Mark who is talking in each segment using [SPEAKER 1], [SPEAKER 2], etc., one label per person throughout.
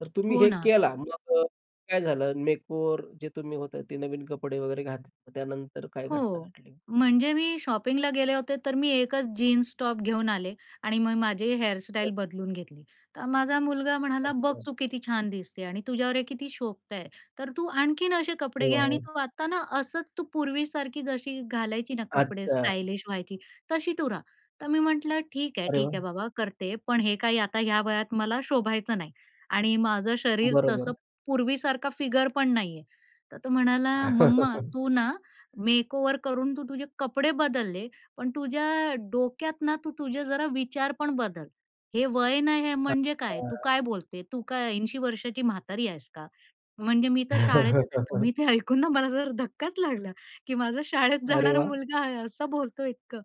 [SPEAKER 1] तर तुम्ही
[SPEAKER 2] हो
[SPEAKER 1] हे
[SPEAKER 2] ना.
[SPEAKER 1] केला, मग अ, काय झालं? मेकओव्हर जे तुम्ही होतं, ते नवीन कपडे वगैरे घातले. तर त्यानंतर काय घटना
[SPEAKER 2] हो.
[SPEAKER 1] घडली?
[SPEAKER 2] म्हणजे मी शॉपिंगला गेले होते तर मी एकच जीन्स, टॉप घेऊन आले आणि मग माझी
[SPEAKER 1] हं.
[SPEAKER 2] हेअरस्टाईल बदलून घेतली. तर माझा मुलगा म्हणाला, "बघ
[SPEAKER 1] अच्छा.
[SPEAKER 2] तू किती छान दिसते आणि तुझ्यावर हे किती शोभत आहे. तर तू आणखीन असे कपडे
[SPEAKER 1] हो,
[SPEAKER 2] घे आणि
[SPEAKER 1] हं.
[SPEAKER 2] तू आता ना असंच तू पूर्वीसारखी जशी घालायची ना कपडे,
[SPEAKER 1] अच्छा.
[SPEAKER 2] स्टायलिश व्हायची, तशी तू रहा." तर मी म्हटलं, "ठीक आहे,
[SPEAKER 1] अरे
[SPEAKER 2] ठीक
[SPEAKER 1] वाह!
[SPEAKER 2] आहे बाबा करते. पण हे काही आता ह्या वयात मला शोभायचं नाही" आणि माझं शरीर तसं
[SPEAKER 1] बरोबर.
[SPEAKER 2] पूर्वीसारखा फिगर पण नाहीये. तर तो म्हणाला, "मम्मा तू ना मेकओव्हर करून तू तुझे कपडे बदलले, पण तुझ्या डोक्यात ना तू तुझे जरा विचार पण बदल. हे वय नाही हे म्हणजे काय? तू
[SPEAKER 1] अच्छा.
[SPEAKER 2] काय बोलते? तू काय 80 वर्षाची म्हातारी आहेस का?" म्हणजे मी तर शाळेतच आहे. तर मी ते ऐकून ना मला जरा धक्काच लागला. की माझा शाळेत
[SPEAKER 1] अरे
[SPEAKER 2] जाणारा
[SPEAKER 1] वाह!
[SPEAKER 2] मुलगा आहे असं बोलतोय इतकं!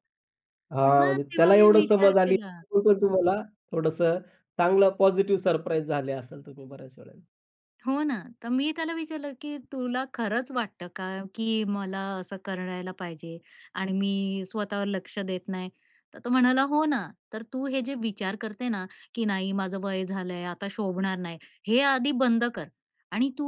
[SPEAKER 2] तर
[SPEAKER 1] हां.
[SPEAKER 2] मग
[SPEAKER 1] म्हणजे
[SPEAKER 2] तेव्हा
[SPEAKER 1] त्याला
[SPEAKER 2] मी
[SPEAKER 1] एवढं
[SPEAKER 2] विचार
[SPEAKER 1] समज आली.
[SPEAKER 2] केला.
[SPEAKER 1] तरी पण तुम्हाला थोडंसं चांगलं पॉझिटिव्ह सरप्राईज झाले असाल तुम्ही बऱ्याच वेळेला.
[SPEAKER 2] हो ना. तर मी त्याला विचारलं की "तुला खरंच वाटतं का, की मला असं करायला पाहिजे आणि मी स्वतःवर लक्ष देत नाही?" तर तो म्हणाला, "हो ना. तर तू हे जे विचार करते ना, की नाही माझं वय झालंय. आता शोभणार नाही. हे आधी बंद कर. आणि तू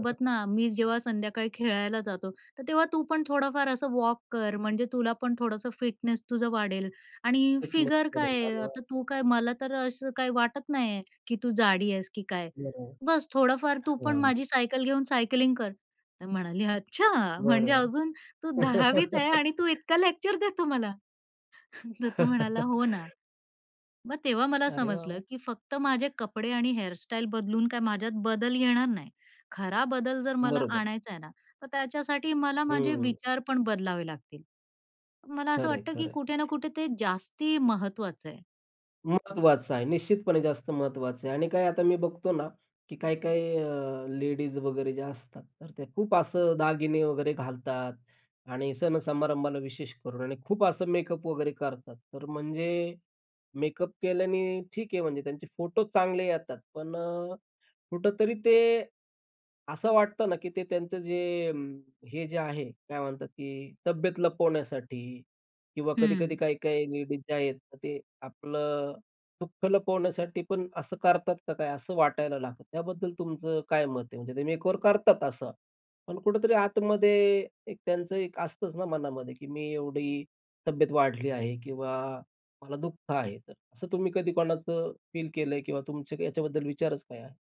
[SPEAKER 1] हं, हं.
[SPEAKER 2] ना मी जेव्हा संध्याकाळी खेळायला जातो, तर तेव्हा तू पण थोडंफार असं वॉक कर म्हणजे तुला पण थोडंसं फिटनेस तुझं वाढेल आणि
[SPEAKER 1] फिटनेस
[SPEAKER 2] फिगर काय
[SPEAKER 1] वाढेल.
[SPEAKER 2] आहे.
[SPEAKER 1] अरे वाह!
[SPEAKER 2] आता तू काय मला तर असं काही वाटत नाहीये, की तू जाडी आहेस की काय.
[SPEAKER 1] बरोबर.
[SPEAKER 2] बस थोडंफार तू पण
[SPEAKER 1] हां
[SPEAKER 2] माझी सायकल घेऊन सायकलिंग कर." तर म्हणाली, "अच्छा म्हणजे
[SPEAKER 1] बरोबर.
[SPEAKER 2] अजून तू 10वीत आहे आणि तू इतका लेक्चर देतो मला!" तर तो म्हणाला, "हो ना." मग तेव्हा मला
[SPEAKER 1] अरे वाह,
[SPEAKER 2] समजलं
[SPEAKER 1] वाह!
[SPEAKER 2] की फक्त माझे कपडे आणि हेअरस्टाईल बदलून काय माझ्यात बदल येणार नाही. खरा बदल जर मला
[SPEAKER 1] बरोबर.
[SPEAKER 2] आणायचा आहे ना, तर त्याच्यासाठी मला
[SPEAKER 1] हं,
[SPEAKER 2] माझे
[SPEAKER 1] हं.
[SPEAKER 2] विचार पण बदलावे लागतील. मला असं
[SPEAKER 1] खरंय,
[SPEAKER 2] वाटतं की
[SPEAKER 1] खरंय.
[SPEAKER 2] कुठे ना कुठे ते जास्ती महत्वाचं आहे.
[SPEAKER 1] महत्त्वाचं आहे. निश्चितपणे जास्त महत्वाचं आहे. आणि काय आता मी बघतो ना, की काही-काही अ, लेडीज वगैरे जे असतात, तर ते खूप असं दागिने वगैरे घालतात आणि सण समारंभाला विशेष करून आणि खूप असं मेकअप वगैरे करतात. तर म्हणजे मेकअप केल्याने, ठीक आहे म्हणजे त्यांचे फोटो चांगले येतात, पण अ, कुठेतरी ते असं वाटतं ना की ते त्यांचं जे अं, हे जे आहे काय म्हणतात की तब्येत लपवण्यासाठी, किंवा कधी-कधी
[SPEAKER 2] हं.
[SPEAKER 1] काही-काही लेडीज जे आहेत तर ते आपलं दुःख लपवण्यासाठी पण असं करतात का काय असं वाटायला लागतं. त्याबद्दल तुमचं काय मत आहे? म्हणजे ते मेकओव्हर करतात असा, पण कुठेतरी आतमध्ये एक त्यांचं एक असतंच ना मनामध्ये की मी एवढी तब्येत वाढली आहे किंवा मला दुःख आहे. तर असं तुम्ही कधी कोणाचं फील केलंय किंवा तुमच्या ह्याच्याबद्दल विचारच काय आहे?